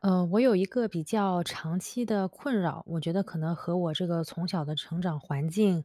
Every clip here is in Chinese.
呃，我有一个比较长期的困扰。我觉得可能和我这个从小的成长环境，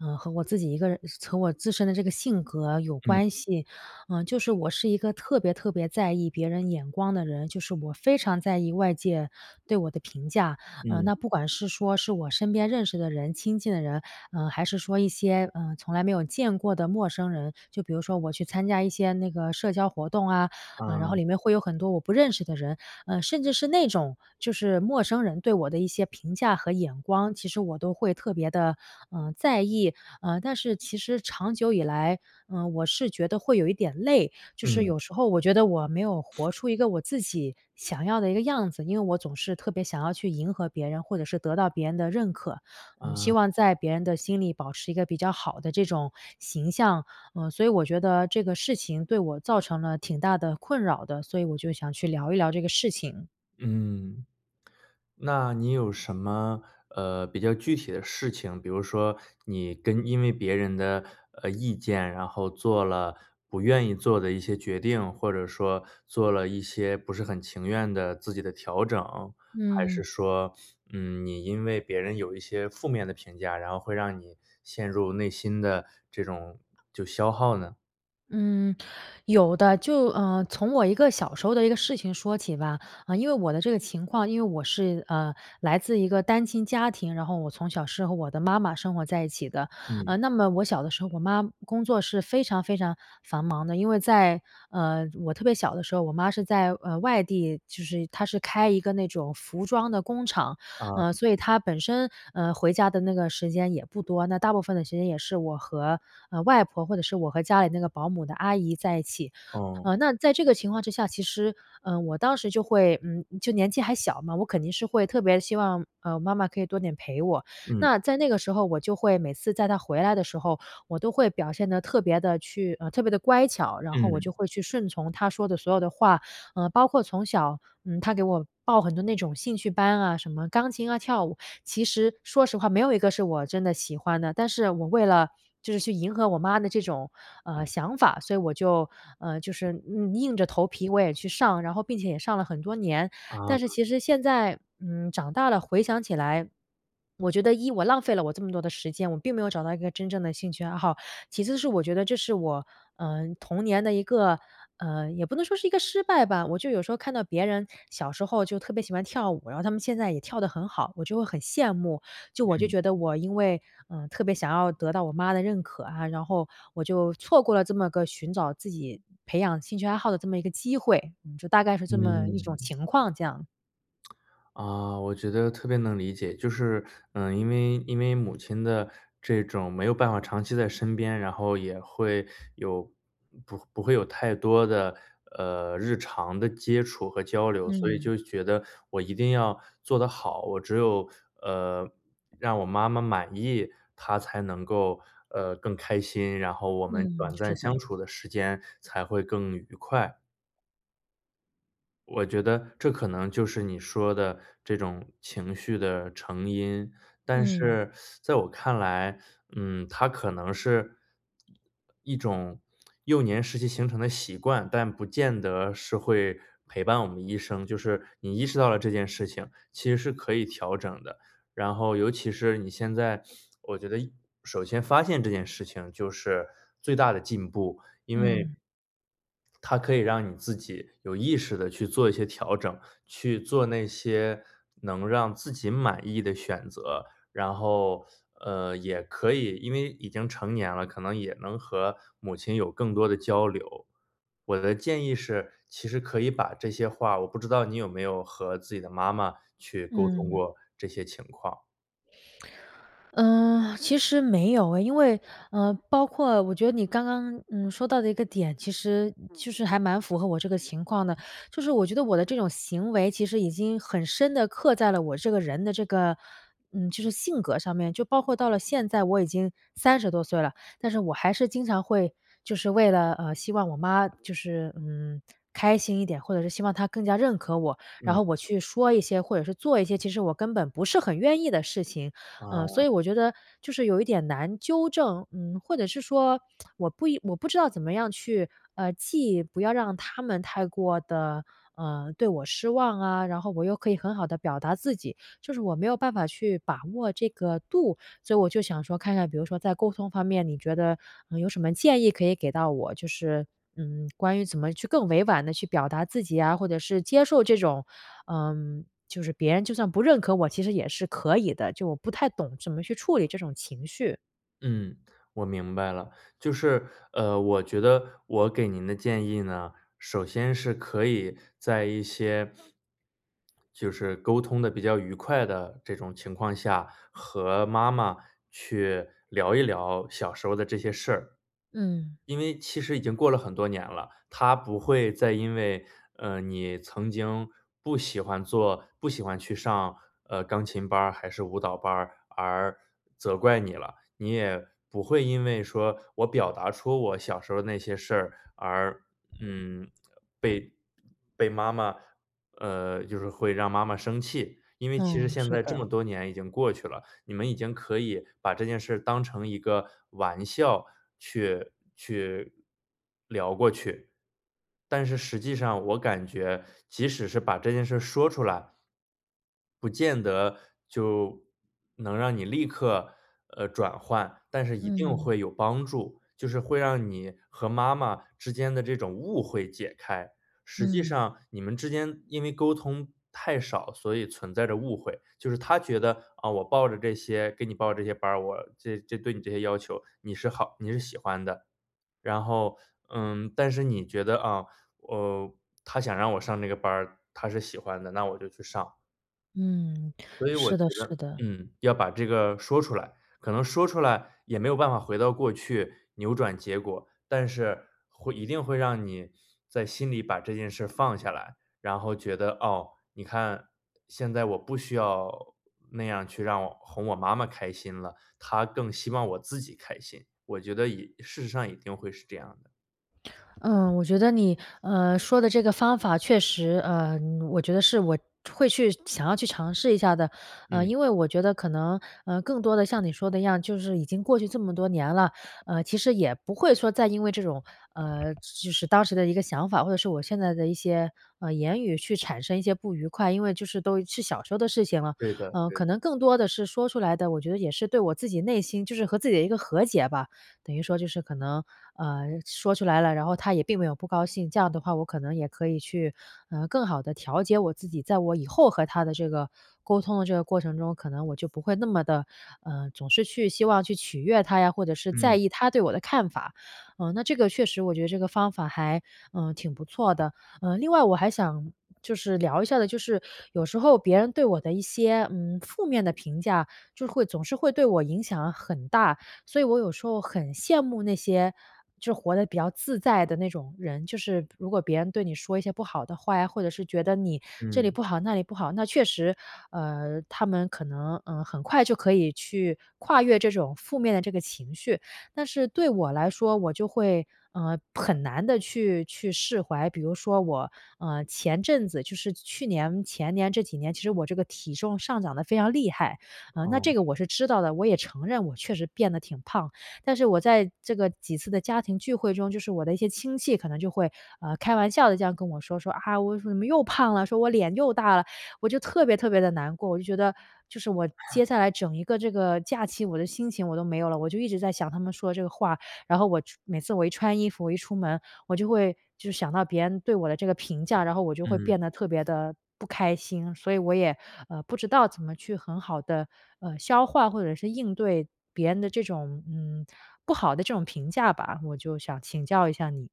呃，和我自己一个人和我自身的这个性格有嗯。关系。呃，就是我是一个特别特别在意别人眼光的人，就是我非常在意外界对我的评价。呃，嗯。那不管是说是我身边认识的人、亲近的人，呃，还是说一些，呃，从来没有见过的陌生人就比如说我去参加一些那个社交活动，啊。然啊。后里面会有很多我不认识的人，呃，甚至是那种就是陌生人对我的一些评价和眼光，其实我都会特别地，呃，在意。呃，但是其实长久以来，呃，我是觉得会有一点累。就是嗯。有时候我觉得我没有活出一个我自己想要的一个样子，因为我总是特别想要去迎合别人，或者是得到别人的认可，嗯，希啊。望在别人的心里保持一个比较好的这种形象。呃，所以我觉得这个事情，对我造成了挺大的困扰的，所以我就想去聊一聊这个事情。嗯。那你有什么，呃，比较具体的事情，比如说你跟因为别人的，呃，意见，然后做了不愿意做的一些决定，或者说做了一些不是很情愿的自己的调整，还是嗯。说，嗯，你因为别人有一些负面的评价，然后会让你陷入内心的这种就消耗呢？嗯，有的，就，呃，从我一个小时候的一个事情说起吧。呃，因为我的这个情况，因为我是，呃，来自一个单亲家庭，然后我从小是和我的妈妈生活在一起的。嗯。呃，那么我小的时候我妈工作是非常非常繁忙的，因为在，呃，我特别小的时候，我妈是在，呃，外地就是她是开一个那种服装的工厂。啊。呃，所以她本身，嗯，回家的那个时间也不多，那大部分的时间也是我和，嗯，外婆，或者是我和家里那个保姆的阿姨在一起。哦。嗯，那在这个情况之下，其实，嗯，我当时就会嗯，就年纪还小嘛，我肯定是会特别希望，嗯，妈妈可以多点陪我。嗯。那在那个时候我就会每次在她回来的时候，我都会表现得特别地去呃，特别地乖巧，然后我就嗯。会去顺从她说的所有的话。嗯，包括从小，嗯，她给我报很多那种兴趣班啊，什么钢琴啊、跳舞。其实说实话没有一个是我真的喜欢的，但是我为了就是去迎合我妈的这种，呃，想法，所以我就，呃，就是硬硬着头皮我也去上，然后并且也上了很多年。但是啊。其实现在，嗯，长大了回想起来，我觉得一，我浪费了我这么多的时间，我并没有找到一个真正的兴趣爱好。其次是我觉得这是我，嗯，童年的一个，嗯也不能说是一个失败吧，我就有时候看到别人小时候就特别喜欢跳舞，然后他们现在也跳得很好，我就会很羡慕。就我就嗯。觉得我因为，嗯，特别想要得到我妈的认可啊，然后我就错过了这么个寻找自己培养兴趣爱好的这么一个机会，就大概是这么一种嗯。情况，这样。啊，我觉得特别能理解，就是，呃，因为因为母亲的这种没有办法长期在身边，然后也会有不不会有太多的，呃，日常的接触和交流，所以嗯。就觉得我一定要做得好。我只有，呃，让我妈妈满意，她才能够，呃，更开心，然后我们嗯，短暂是相的。处的时间才会更愉快。我觉得这可能就是你说的这种情绪的成因，但嗯。是 在我看来，嗯，它可能是，一种幼年时期形成的习惯，但不见得是会陪伴我们一生，就是你意识到了这件事情，其实是可以调整的，然后尤其是你现在我觉得首先发现这件事情就是最大的进步，因为嗯。它可以让你自己有意识地去做一些调整，去做那些能让自己满意的选择。然后，呃，也可以因为已经成年了，可能也能和母亲有更多的交流。我的建议是，其实可以把这些话我不知道你有没有和自己的妈妈去沟通嗯。过这些情况。呃，其实没有哎，因为呃，包括我觉得你刚刚，嗯，说到的那个点，其实就是还蛮符合我这个情况的。就是我觉得我的这种行为其实已经很深地刻在了我这个人的这个，嗯，就是性格上面就包括到了现在我已经30多岁了，但是我还是经常会就是为了，呃，希望我妈就是嗯，开心一点，或者是希望她更加认可我。然嗯。后我去说一些，或者是做一些，其实我根本不是很愿意的事情。呃，啊。所以我觉得就是有一点难纠正嗯，或者是说 我不应我不知道怎么样去，啊既不要让他们太过地，呃，对我失望啊，然后我又可以很好地表达自己，就是我没有办法去把握这个度。所以我就想说看看，比如说在沟通方面，你觉得，呃，有什么建议可以给到我，就是，嗯，关于怎么去更委婉地去表达自己啊，或者是接受这种呃，就是别人就算不认可我其实也是可以的，就我不太懂怎么去处理这种情绪。嗯，我明白了。就是，呃，我觉得我给您的建议呢，首先是可以在一些就是沟通得比较愉快的这种情况下，和妈妈去聊一聊小时候的这些事儿。嗯。因为其实已经过了很多年了，她不会再因为，呃，你曾经不喜欢做不喜欢去上，呃，钢琴班儿还是舞蹈班儿而责怪你了，你也不会因为说我表达出我小时候那些事儿，而，嗯，被被妈妈呃，就是会让妈妈生气。因为其实嗯，现是在这的。么多年已经过去了，你们已经可以把这件事当成一个玩笑去去聊过去。但是实际上我感觉，即使是把这件事儿说出来不见得就能让你立刻，呃，转换，但是一定嗯。会有帮助，就是会让你和妈妈之间的这种误会解开。实际嗯。上你们之间因为沟通太少，所以存在着误会，就是她觉得：“呃，我报着这些给你报这些班儿，我这这对你这些要求，你是好你是喜欢的。”然后，嗯，但是你觉得：“啊，呃，她想让我上这个班儿，她是喜欢的，那我就去上。”嗯，所以我是觉的得，是的。嗯，要把这个说出来。可能说出来，也没有办法回到过去，扭转结果。但是，会一定会让你在心里把这件事儿放下来，然后觉得，哦，你看，现在我不需要那样去让哄我妈妈开心了，她更希望我自己开心。我觉得也事实上也一定会是这样的。嗯，我觉得你，呃，说的这个方法确实呃，我觉得是我会去想要去尝试一下的，呃，嗯。因为我觉得可能，呃，更多的像你说的一样，就是已经过去这么多年了，呃，其实也不会说再因为这种，呃，就是当时的一个想法，或者是我现在的一些，呃，言语去产生一些不愉快，因为就是都是小时候的事情了，对的呃，对可的。能更多的是说出来的，我觉得也是对我自己内心就是和自己的一个和解吧。等于说就是可能，呃，说出来了，然后她也并没有不高兴，这样的话我可能也可以去，啊，更好地调节我自己，在我以后和她的这个沟通的这个过程中，可能我就不会那么的，呃，总是去希望去取悦她呀，或者是在嗯。意她对我的看法。呃，那这个确实我觉得这个方法还，呃，挺不错的。呃，另外我还想就是聊一下的就是，有时候别人对我的一些，嗯，负面的评价，就是会总是会对我影响很大，所以我有时候很羡慕那些就活得比较自在的那种人，就是如果别人对你说一些不好的话呀，或者是觉得你这里嗯。不好那里不好，那确实，呃，他们可能，呃，很快就可以去跨越这种负面的这个情绪。但是对我来说，我就会，呃，很难地去去释怀。比如说我，嗯，前阵子，就是去年、前年这几年，其实我这个体重上涨得非常厉害，嗯，那哦。这个我是知道的，我也承认我确实变得挺胖。但是我在这个几次的家庭聚会中，就是我的一些亲戚可能就会，呃，开玩笑地这样跟我说说，啊我怎么又胖了，说我脸又大了，我就特别特别地难过，我就觉得就是我接 下来整一个这个假期，我的心情我都没有了，我就一直在想他们说的这个话。然后我穿每次我一穿衣服，我一出门，我就会就是想到别人对我的这个评价，然后我就会嗯。变得特别地不开心。所以我也，呃，不知道怎么去很好地，呃，消化或者是应对别人的这种，嗯，不好的这种评价吧，我就想请教一下你。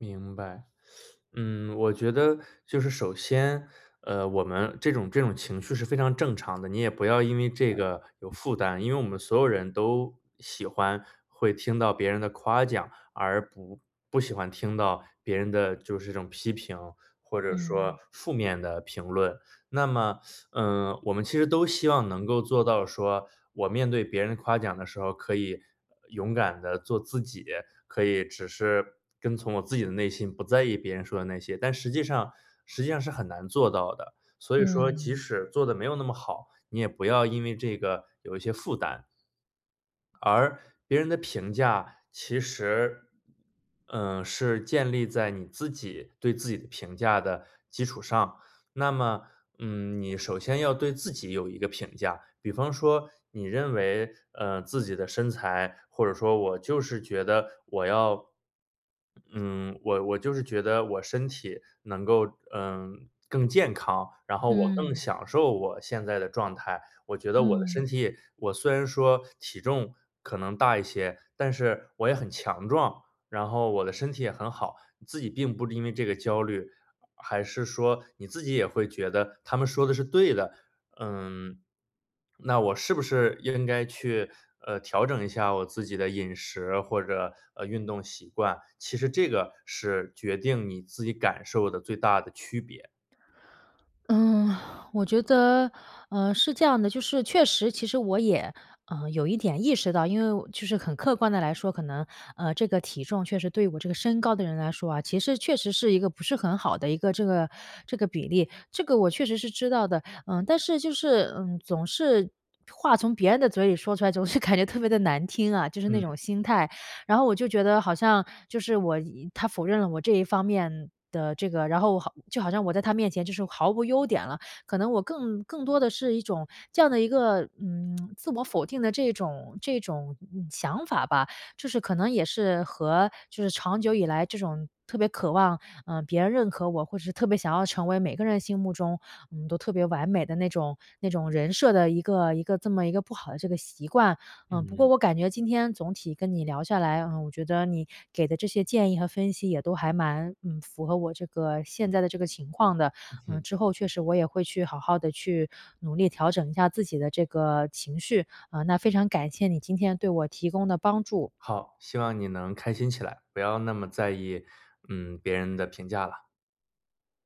明白。嗯，我觉得就是首先，呃，我们这种这种情绪是非常正常的，你也不要因为这个有负担。因为我们所有人都喜欢，会听到别人的夸奖，而不不喜欢听到别人的就是这种批评，或者说嗯。负面的评论。那么，嗯，我们其实都希望能够做到说我面对别人夸奖的时候可以勇敢地做自己，可以只是跟从我自己的内心不在意别人说的那些。但实际上实际上是很难做到的。所以说即嗯。使做得没有那么好，你也不要因为这个有一些负担。而别人的评价其实，呃，是建立在你自己对自己的评价的基础上。那么，嗯，你首先要对自己有一个评价，比方说你认为，呃，自己的身材，或者说我就是觉得我要，嗯，我我就是觉得我身体能够，嗯，更健康，然后我更嗯。享受我现在的状态。我觉得我的身嗯。体也我虽然说体重可能大一些，但是我也很强壮，然后我的身体也很好，自己并不因为这个焦虑，还是说你自己也会觉得他们说的是对的，嗯，那我是不是应该去，呃，调整一下我自己的饮食或者，呃，运动习惯，其实这个是决定你自己感受的最大的区别。嗯，我觉得，呃，是这样的，就是确实其实我也，嗯，有一点意识到，因为我就是很客观地来说，可能，呃，这个体重确实对我这个身高的人来说啊，其实确实是一个不是很好的一个这个这个比例。这个我确实是知道的。嗯，但是就是，嗯，总是话从别人的嘴里说出来，总是感觉特别地难听啊。就是那嗯。种心态，然后我就觉得好像就是我他否认了我这一方面的这个，然后好就好像我在他面前就是毫无优点了。可能我更更多的是一种，这样的一个，嗯，自我否定的这种这种想法吧。就是可能也是和就是长久以来这种特别渴望，呃，别人认可我，或者特别想要成为每个人心目中，嗯，都特别完美的那种那种人设的一个一个这么一个不好的这个习惯。嗯，不嗯。过我感觉今天总体跟你聊下来，嗯，我觉得你给的这些建议和分析也都还蛮，嗯，符合我这个现在的这个情况的。嗯嗯，哼。之后确实我也会去好好地去努力调整一下自己的这个情绪，嗯，那非常感谢你今天对我提供的帮助。好，希望你能开心起来，不要那么在意，嗯，别人的评价啦。